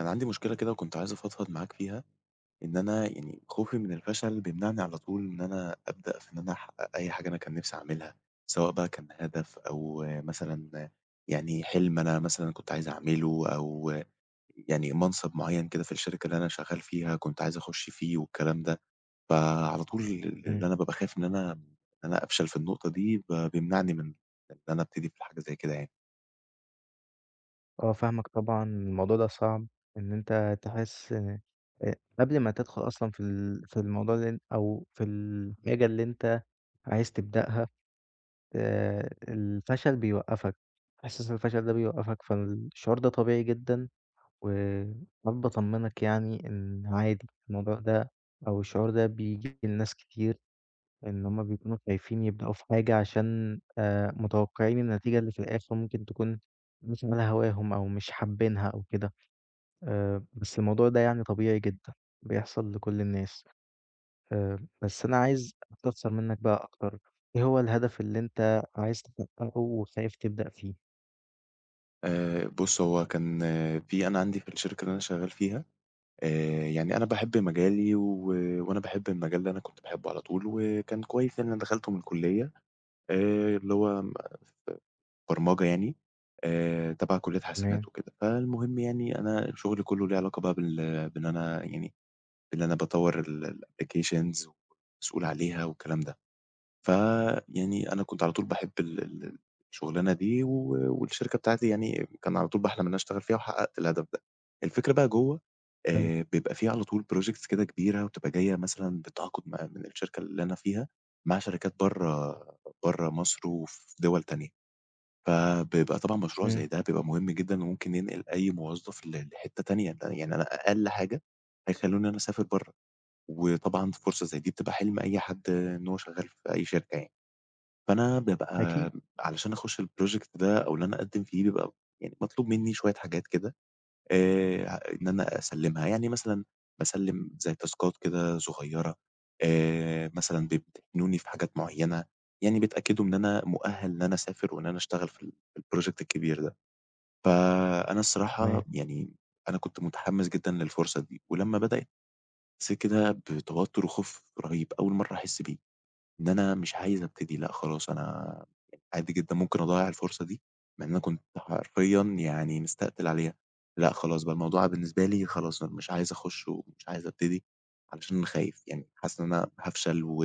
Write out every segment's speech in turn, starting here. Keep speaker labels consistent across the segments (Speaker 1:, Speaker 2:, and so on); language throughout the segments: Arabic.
Speaker 1: أنا عندي مشكلة كده، وكنت عايز أفضفض معاك فيها، إن أنا يعني خوفي من الفشل بيمنعني على طول إن أنا أبدأ في إن أنا أحقق أي حاجة أنا كان نفسي أعملها، سواء بقى كان هدف، أو مثلًا يعني حِلم أنا مثلًا كنت عايز أعمله، أو يعني منصب معيّن كده في الشركة اللي أنا شغّال فيها، كنت عايز أخش فيه والكلام ده، فعلى طول ال
Speaker 2: إمم.
Speaker 1: اللي أنا بابقى خايف إن أنا إن أنا أفشل في النقطة دي، ب بيمنعني من إن أنا ابتدي في الحاجة زي كده يعني.
Speaker 2: آه فاهمَك، طبعًا الموضوع ده صعب، إن أنت تحس ق قبل ما تدخل أصلًا في ال في الموضوع اللي أو في الحاجة اللي أنت عايز تبدأها، آآ، الفشل بيوقفك، حاسس الفشل ده بيوقفك، فالشعور ده طبيعي جدًا، واحب اطمنك يعني، إن عادي الموضوع ده، أو الشعور ده، بييجي لناس كتير، إن هُم بيكونوا خايفين يبدؤوا في حاجة عشان آآ، متوقعين النتيجة اللي في الآخر ممكن تكون مش على هواهم، أو مش حابينها أو كده. آآ، بس الموضوع ده يعني طبيعي جدًا، بيحصل لكُل الناس، آآ، بس أنا عايز أستفسر منَّك بقى أكتر، إيه هو الهدف اللي أنت عايز تحققه وخايف تبدأ فيه؟
Speaker 1: آآ بُص، هو كان في أنا عندي في الشركة اللي أنا شغّال فيها، آآ يعني أنا باحب مجالي، و وأنا باحب المجال ده، أنا كنت باحبه على طول، وكان كويس يعني، أنا دخلته من الكلّية، آآ اللي هو ما ف برمجة يعني، آآ تبع كلّية حسابات
Speaker 2: تمام.
Speaker 1: وكده. فالمهم يعني، أنا شُغلي كلّه ليه علاقة بقى بال بإن أنا يعني، بإن أنا باطوّر ال الapplications ومسؤول عليها والكلام ده. فيعني أنا كنت على طول باحب ال الشُغلانة دي، و والشركة بتاعتي يعني كان على طول باحلم إن أنا اشتغل فيها، وحققت الهدف ده. الفكرة بقى جوّا،
Speaker 2: حلو.
Speaker 1: آآ بيبقى في على طول projects كده كبيرة، وبتبقى جاية مثلًا بالتعاقُد مع من الشركة اللي أنا فيها مع شركات برّا، ب برّا مصر وفي دُول تانية، فبيبقى طبعًا مشروع
Speaker 2: إمم.
Speaker 1: زي ده بيبقى مهم جدًا، وممكن ينقل أي موظّف ل لحتّة تانية، ل يعني أنا أقل حاجة هيخّلوني أنا أسافر برّا، وطبعًا فرصة زي دي بتبقى حِلم أي حد إن هو شغّال ف في أي شركة يعني. فأنا بابقى
Speaker 2: أكيد.
Speaker 1: م علشان أخش الproject ده، أو إن أنا أقدّم فيه، بيبقى م يعني مطلوب منّي شوية حاجات كده، آآ ه إن أنا أسلّمها، يعني مثلًا باسلّم زي تاسكات كده صغيّرة، آآ مثلًا بيمتحنوني في حاجات معيّنة، يعني بتتأكّدوا إن أنا مُؤهّل إن أنا أسافر، وإن أنا أشتغل في ال في الproject الكبير ده. فأنا الصراحة
Speaker 2: تمام.
Speaker 1: يعني م أنا كنت متحمّس جدًا للفرصة دي، ولمّا بدأت حسّيت كده بتوتّر وخوف رهيب، أول مرّة أحس بيه، إن أنا مش عايز ابتدي، لأ، خلاص أنا عادي جدًا ممكن أضيّع الفرصة دي، لإن أنا كنت حرفيًا يعني مستقتل عليها. لأ، خلاص بقى، الموضوع بالنسبة لي خلاص، أنا مش عايز أخش ومش عايز ابتدي، علشان خايف يعني، حاسس إن أنا هافشل، و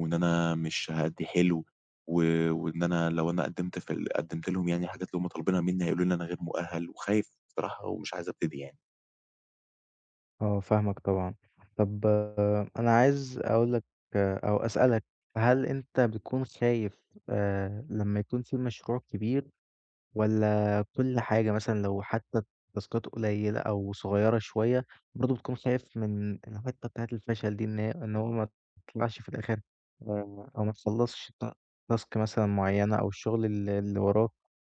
Speaker 1: وإن أنا مش هأدّي حلو، و وإن أنا لو أنا قدّمت في ال قدّمت لهم يعني الحاجات اللي هُم طالبينها منّي، هيقولوا لي إن أنا غير مُؤهّل، وخايف بصراحة ومش عايز ابتدي يعني.
Speaker 2: آه فاهمك طبعًا. طَب أنا عايز أقول لك، أو أسألك، هل أنت بتكون خايف آآ لمّا يكون في مشروع كبير، والاّ كل حاجة مثلًا، لو حتي التاسكات قليلة أو صغيرة شوية، برضه بتكون خايف من الحِتّه بتاعة الفشل دي، إن هي، إن هو ماتطلعش في الآخر، أو ما تخلّصش الت الtask مثلًا مُعيّنة، أو الشغل اللي اللي وراك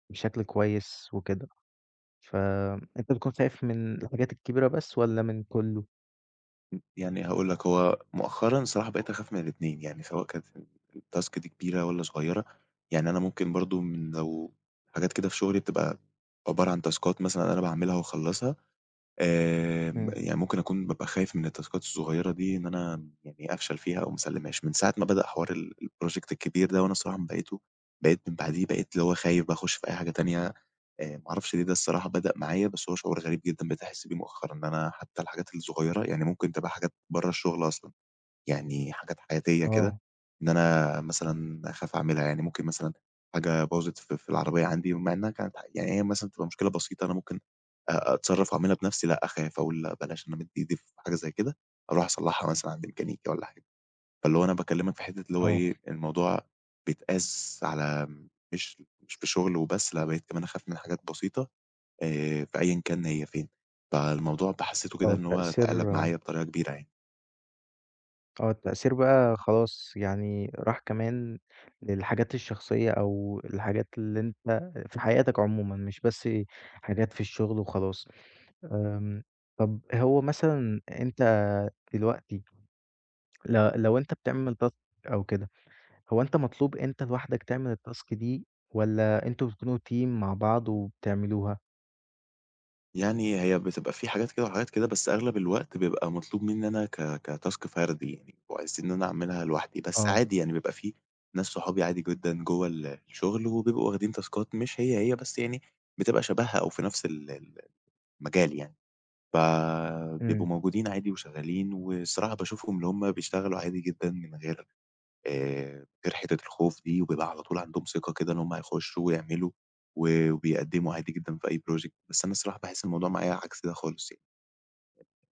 Speaker 2: بشكل كويس وكده؟ ف أنتَ بتكون خايف من الحاجات الكبيرة بس، والّا من كلّه؟
Speaker 1: يعني هاقول لك، هو مؤخرًا صراحة بقيت أخاف من الاتنين، يعني سواء كانت الTask دي كبيرة والًا صغيرة، يعني أنا ممكن برضه من لو حاجات كده في شغلي بتبقى عبارة عن تاسكات مثلًا أنا باعملها واخلصها، آمم
Speaker 2: إمم.
Speaker 1: يعني ممكن أكون بابقى خايف من التاسكات الصغيرة دي، إن أنا يعني أفشل فيها أو ما اسّلمهاش. من ساعة ما بدأ حوار ال الproject الكبير ده، وأنا الصراحة من باقيتة بقيت من بعديه، بقيت اللي هو خايف بقى أخش في أي حاجة تانية، آآ ما اعرفش ليه ده الصراحة بدأ معايا، بس هو شعور غريب جدًا بقيت أحس بيه مؤخرًا، إن أنا حتى الحاجات الصغيرة، يعني ممكن تبقى حاجات برّا الشغل أصلًا، يعني حاجات حياتية كده،
Speaker 2: آه.
Speaker 1: إن أنا مثلًا أخاف أعملها. يعني ممكن مثلًا حاجة باظت في في العربية عندي، مع إنها كانت ح يعني هي مثلًا تبقى مشكلة بسيطة، أنا ممكن أتصرف وأعملها بنفسي، لأ، أخاف أقول لأ بلاش إن أنا أمد إيدي في حاجة زيّ كده، أروح أصلحها مثلًا عند ميكانيكي والّا حاجة. فاللي هو أنا باكلمك في حِتّة اللي هو
Speaker 2: آه.
Speaker 1: إيه، الموضوع بيتقاس على مش، مش في شغل وبس، لأ، بقيت كمان أخاف من حاجات بسيطة، آآ في أيًّا كان هي فين، فالموضوع بقى حسيته كده
Speaker 2: آه
Speaker 1: إن هو اتقلب
Speaker 2: تأثير
Speaker 1: معايا بطريقة كبيرة يعني.
Speaker 2: آه، التأثير بقى خلاص يعني راح كمان للحاجات الشخصّية، أو الحاجات اللي أنت في حياتك عمومًا، مش بس حاجات في الشغل وخلاص. آمم، طَب هو مثلًا أنت دلوقتي، ل لو أنت بتعمل task أو كده، هو أنت مطلوب أنت لوحدك تعمل الtask دي، والّا أنتم بتكونوا team مع بعض وبتعملوها؟
Speaker 1: يعني هي بتبقى في حاجات كده وحاجات كده، بس أغلب الوقت بيبقى مطلوب مني أنا ك كtask فردي يعني، وعايزين إن أنا أعملها لوحدي. بس
Speaker 2: آه.
Speaker 1: عادي يعني، بيبقى في ناس صحابي عادي جدًا جوّا الشغل، وبيبقوا واخدين تاسكات مش هي، هي، بس يعني بتبقى شبهها أو في نفس ال ال المجال يعني. فبيبقوا
Speaker 2: إمم.
Speaker 1: موجودين عادي وشغّالين، والصراحة باشوفهُم، اللي هُم بيشتغلوا عادي جدًا من غيّر آآ، من غير حتّة الخوف دي، وبيبقى على طول عندهم ثقة كده إن هُم هيخشّوا ويعملوا، و وبيقدموا عادي جدًا في أي project، بس أنا الصراحة باحس الموضوع معايا عكس ده خالص يعني.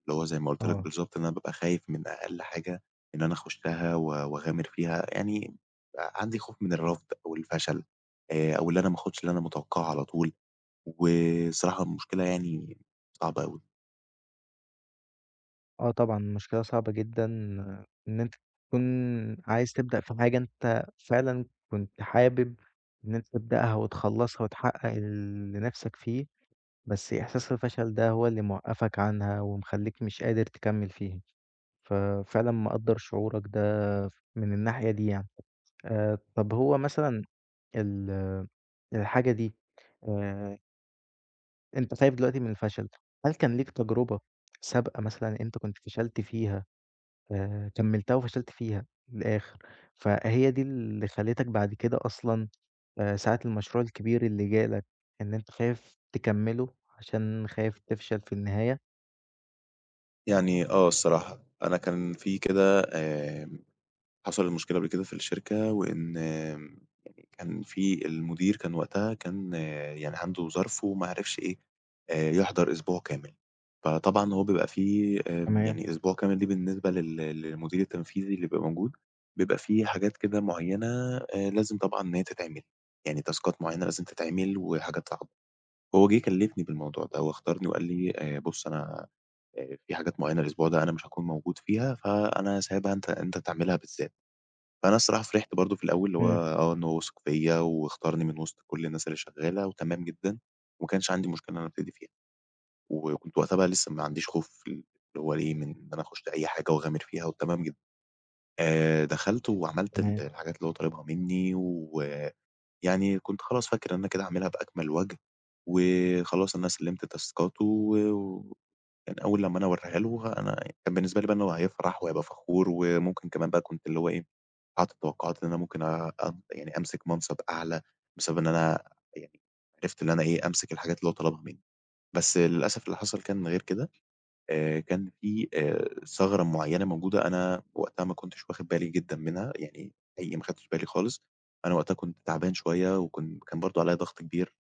Speaker 1: اللي هو زي ما قُلت لك
Speaker 2: آه.
Speaker 1: بالضبط، إن أنا بابقى خايف من أقل حاجة إن أنا اخشّها، و واغامر فيها، يعني آآ، عندي خوف من الرفض أو الفشل، آآ، أو اللي أنا ماخدش اللي أنا متوقعه على طول، وصراحة المشكلة يعني صعبة أوي.
Speaker 2: آه طبعًا، المشكلة صعبة جدًا إن أنت تكون عايز تبدأ في حاجة أنت فعلًا كنت حابب إن أنت تبدأها وتخلّصها وتحقّق اللي نِفْسك فيه، بس إحساس الفشل ده هو اللي موقَّفك عنها ومخلّيك مش قادر تكمِّل فيه، ففعلًا مقدّر شعورك ده ف من الناحية دي يعني. آآ طَب هو مثلًا ال الحاجة دي آآ أنت خايف دلوقتي من الفشل، هل كان ليك تجربة سابقة مثلًا أنت كنت فشلت فيها آآ كمِّلتها وفشلت فيها للآخِر، فهي دي اللي خلّتك بعد كده أصلًا آآ ساعة المشروع الكبير اللي جالك إن أنت خايف تكمِّله عشان خايف تفشل في النهاية؟
Speaker 1: يعني آه الصراحة، أنا كان في كده آمم حصل مشكلة قبل كده في الشركة وإن م كان في المدير كان وقتها كان يعني عنده ظرف وما عرفش إيه، آآ يحضر أسبوع كامل، فطبعًا هو بيبقى في آآ
Speaker 2: تمام.
Speaker 1: يعني أسبوع كامل ليه بالنسبة لل للمدير التنفيذي اللي يبقى موجود، بيبقى في حاجات كده معيّنة آآ لازم طبعًا أن هى تتعمل. يعني تاسكات معيّنة لازم تتعمل وحاجات صعبة. وهو جِه كلِّفني بالموضوع ده و اختارني وقال لي: "آآ بُص، أنا آآ في حاجات معيّنة الأسبوع ده أنا مش هاكون موجود فيها، فأنا سايبها أنت أنت تعملها بالذات." فأنا الصراحة فرحت برضه في الأول اللي هو
Speaker 2: إمم.
Speaker 1: آه، إن هو وِثِق فيّا واختارني من وِسط كل الناس اللي شغّالة وتمام جدًا وما كانش عندي مشكلة إن أنا أبتدي فيها وكنت وقتها بقى لسّه ما عنديش خوف في ال اللي هو ليه من إن أنا أخُش في أي حاجة وأغامر فيها و تمام جدًا. آآ دخلت وعملت ال
Speaker 2: تمام.
Speaker 1: الحاجات اللي هو طالبها منّي ويعني كنت خلاص فاكر إن كده هاعملها بأكمَل وَجْه وخلاص أنا سلِّمت تاسكاته و يعني أول لمّا أنا هاواريها له ه أنا بالنسبة لي بقى إن هو هيفرح وهيبقى فخور وممكن كمان بقى كنت اللي هو إيه، حاطط التوقُّعات إن أنا ممكن أب يعني أمسك منصب أعلى بسبب إن أنا يعني عرفت اللي أنا إيه، أمسك الحاجات اللي هو طلبها منّي. بس للأسف اللي حصل كان غير كده، آآ كان في آآ ثغرة معيّنة موجودة، أنا وقتها ما كنتش واخِد بالي جدًا منها، يعني أي ما أخدتش بالي خالص، أنا وقتها كنت تعبان شوية وكن كان برضه عليّا ضَغْط كبير،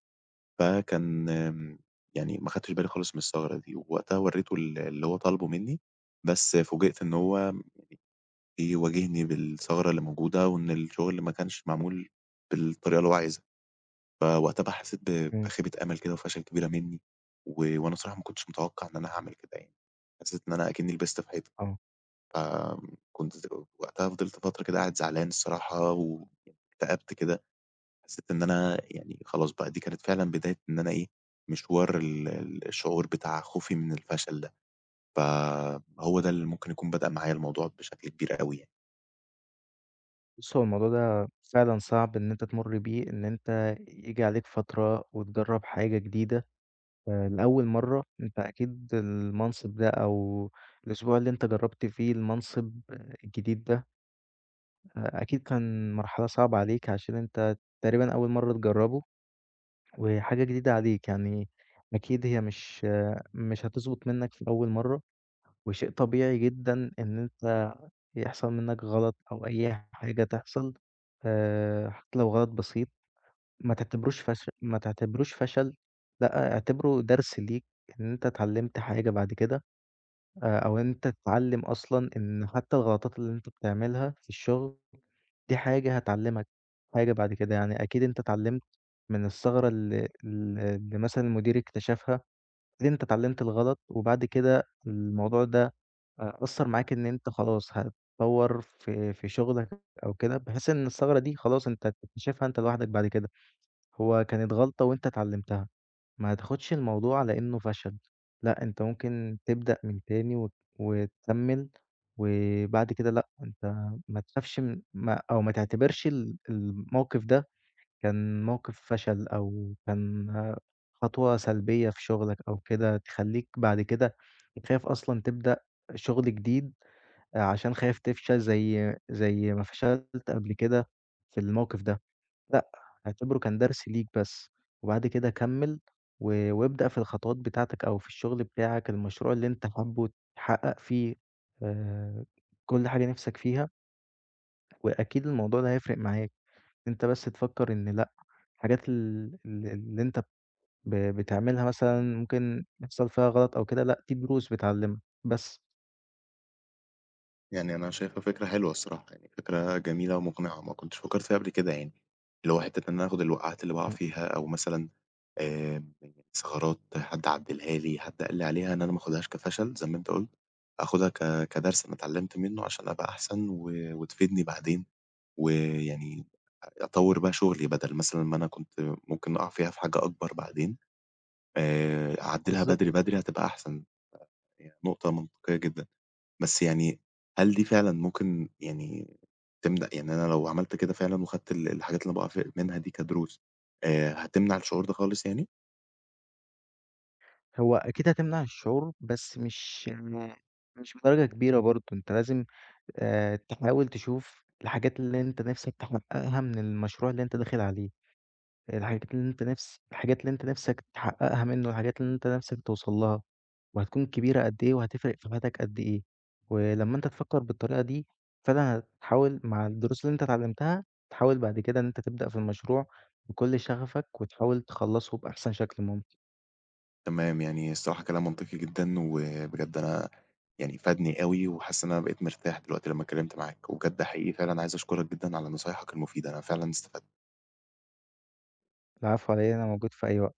Speaker 1: فكان م يعني ما أخدتش بالي خالص من الثغرة دي ووقتها ورّيته ال اللي هو طالبُه منّي، بس فوجئت إن هو م بيواجهني بالثغرة اللي موجودة وإن الشُغل ما كانش معمول بالطريقة اللي هو عايزها. فوقتها بقى حسّيت ب
Speaker 2: إمم.
Speaker 1: بخيبة أمل كده وفشل كبيرة منّي و وأنا صراحة ما كنتش متوقَّع إن أنا هاعمل كده يعني، حسّيت إن أنا أكنّي لبست في حيطة.
Speaker 2: آه.
Speaker 1: ف آمم كنت ز وقتها فضلت فترة كده قاعد زعلان الصراحة واكتأبت كده، حسّيت إن أنا يعني خلاص بقى دي كانت فعلًا بداية إن أنا إيه، مشوار ال ال الشعور بتاع خوفي من الفشل ده، فهو ده اللي ممكن يكون بدأ معايا الموضوع بشكل كبير أوي يعني.
Speaker 2: بُص هو الموضوع ده فعلًا صعب إن أنت تمُر بيه، إن أنت ييجي عليك فترة وتجرّب حاجة جديدة آآ لأول مَرّة أنت أكيد المنصب ده أو الأسبوع اللي أنت جرّبت فيه المنصب الجديد ده أ أكيد كان مرحلة صعبة عليك عشان أنت تقريبًا أول مَرّة تجرّبه وحاجة جديدة عليك يعني أكيد هي مش، مش هتظبط منّك في أول مَرّة، وشيء طبيعي جدًا إن أنت يحصل منّك غلط أو أي حاجة تحصل آآ حتّى لو غلط بسيط ما تعتبروش فش ما تعتبروش فشل لأ، اعتبره درس ليك إن أنت اتعلّمت حاجة بَعد كده، آآ أو أنت تتعلّم أصلًا إن حتّى الغلطات اللي أنت بتعملها في الشُغل دي حاجة هتعلّمك حاجة بَعد كده. يعني أكيد أنت اتعلّمت من الثغرة ال ال اللي مثلًا المدير اكتشفها، أكيد أنت اتعلّمت الغلط وبَعد كده الموضوع ده أ أثّر معاك إن أنت خلاص هتطوّر في في شُغلك أو كده بحيث إن الثغرة دي خلاص أنت هتكتشفها أنت لوحدك بَعد كده. هو كانت غلطة وأنت اتعلّمتها ما تاخُدش الموضوع على إنّه فشل لأ، أنت ممكن تبدأ من تاني وت وتكمّل وبَعد كده لأ، أنت ما تخافش من ما أو ما تعتبرش ال الموقِف ده كان موقِف فشل أو كان خطوة سلبية في شُغلك أو كده تخلّيك بَعد كده تخاف أصلًا تبدأ شُغل جديد آآ عشان خايف تفشل زي زي ما فشلت قبل كده في الموقِف ده، لأ، اعتبره كان درس ليك بس، وبَعد كده كمّل و وابدأ في الخطوات بتاعتك أو في الشُغل بتاعك المشروع اللي أنت حابّه تحقق فيه آآ كل حاجة نِفْسك فيها وأكيد الموضوع ده هيفرق معاك أنت بس تفكّر إن لأ، الحاجات ال ال اللي أنت ب ب بتعملها مثلًا ممكن يحصل فيها غلط أو كده لأ، دي دروس بتعلّمك. بس.
Speaker 1: يعني أنا شايفها فكرة حلوة الصراحة، يعني فكرة جميلة ومقنعة، وما كنتش فكرت فيها قبل كده. يعني اللي هو حتّة إن انا آخد الوقعات اللي باقع
Speaker 2: إمم.
Speaker 1: فيها، أو مثلًا آآ الثغرات، حد عدّلها لي، حد قال لي عليها، إن أنا ما آخدهاش كفشل زي ما أنت قُلت، أخدها ك كدرس أنا اتعلمت منّه عشان أبقى أحسن، و وتفيدني بعدين، ويعني آآ أطور بقى شغّلي، بدل مثلًا ما أنا كنت ممكن أقع فيها في حاجة أكبر بعدين، آآ أعدلها
Speaker 2: بالضبط.
Speaker 1: بدري بدري، هتبقى أحسن، يعني نقطة منطقية جدًا، بس يعني هل دي فعلًا ممكن، يعني، تمنع يعني أنا لو عملت كده فعلًا، وخدت ال الحاجات اللي باقع في منها دي كدروس، آآ هتمنع الشعور ده خالص يعني؟
Speaker 2: هو أكيد هتمنع الشعور، بس مش م مش بدرجة كبيرة برضه. أنت لازم آآ تحاول تشوف الحاجات اللي أنت نفسك تحققها من المشروع اللي أنت داخل عليه، الحاجات اللي أنت نفس الحاجات اللي أنت نفسك تحققها منّه، والحاجات اللي أنت نفسك توصّل لها، وهتكون كبيرة قد إيه، وهتفرِق في حياتك قد إيه. ولمّا أنت تفكر بالطريقة دي فعلًا، هتحاول مع الدروس اللي أنت اتعلمتها، تحاول بعد كده إن أنت تبدأ في المشروع بكل شغفك، وتحاول تخلصه بأحسن شكل ممكن.
Speaker 1: تمام، يعني الصراحة كلام منطقي جدًا، وبجد أنا يعني فادني أوي، وحاسس إن أنا بقيت مرتاح دلوقتي لمّا اتكلمت معاك، وبجد حقيقي فعلًا عايز أشكرك جدًا على نصايحك المفيدة، أنا فعلًا استفدت.
Speaker 2: العفو علي إيه، أنا موجود في أي وقت.